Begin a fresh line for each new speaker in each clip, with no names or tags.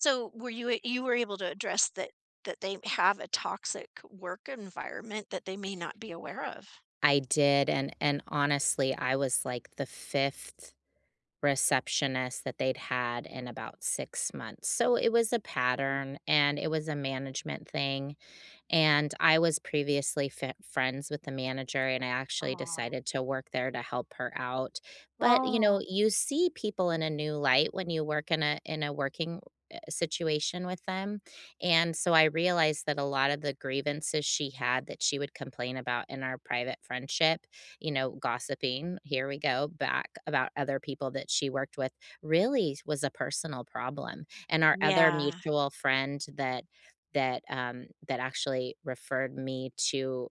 So, were you a you were able to address that that they have a toxic work environment, that they may not be aware of?
I did, and and, honestly, I was, like, the 5th receptionist that they'd had in about 6 months, so it was a pattern, and it was a management thing, and, I was previously fen friends with the manager, and I actually
Aw.
decided to work there to help her out. But, you know,
Oh.
you see people in a new light when you work in a in a working, eh situation with them, and, so I realized that a lot of the grievances she had that she would complain about in our private friendship, you know, gossiping, here we go, back about other people that she worked with, really s was a personal problem. And our other
Yeah.
mutual friend that that, um, that actually referred me to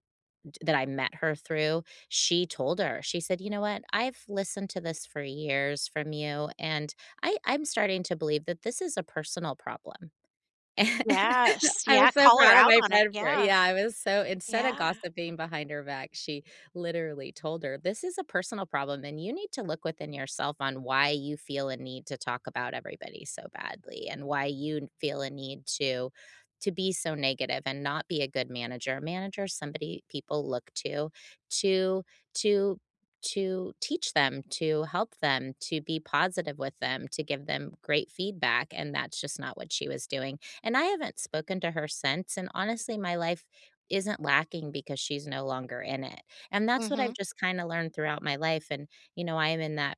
t that I met her through, she told her. She said, "You know what? I've listened to this for years from you, and I I'm starting to believe that this is a personal problem."
Yes,
I
yeah,
was so
call her
proud of
out
my
on it,
friend for
yeah.
yeah, I was so instead of
Yeah.
gossiping behind her back, she literally told her, "This is a personal problem, and you need to look within yourself on why you feel a need to talk about everybody so badly, and why you feel a need to to be so negative, and not be a good manager." A manager is somebody people look to, to to to teach them, to help them, to be positive with them, to give them great feedback, and that's just not what she was doing. And I haven't spoken to her since, and, honestly, my life isn't lacking because she's no longer in it. And that's what I've
Mhm.
just kinda learned throughout my life, and, you know, I am in that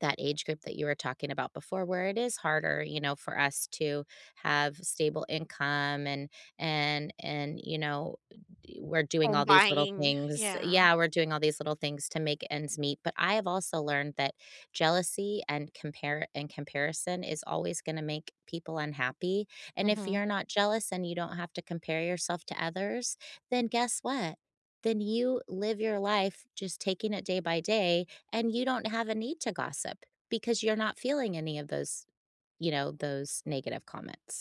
that age group that you were talking about before, where it is harder, you know, for us to have stable income, and and and you know, uh, d we're doing
Home
all these little
buying,
things
yeah.
Yeah, we're doing all these little things to make ends meet, but I have also learned that jealousy and compare and comparison is always gonna make people unhappy. And if
Mhm.
you're not jealous, and you don't have to compare yourself to others, then guess what? Then you live your life just taking it day by day, and you don't have a need to gossip, because you're not feeling any of those, you know, those negative comments.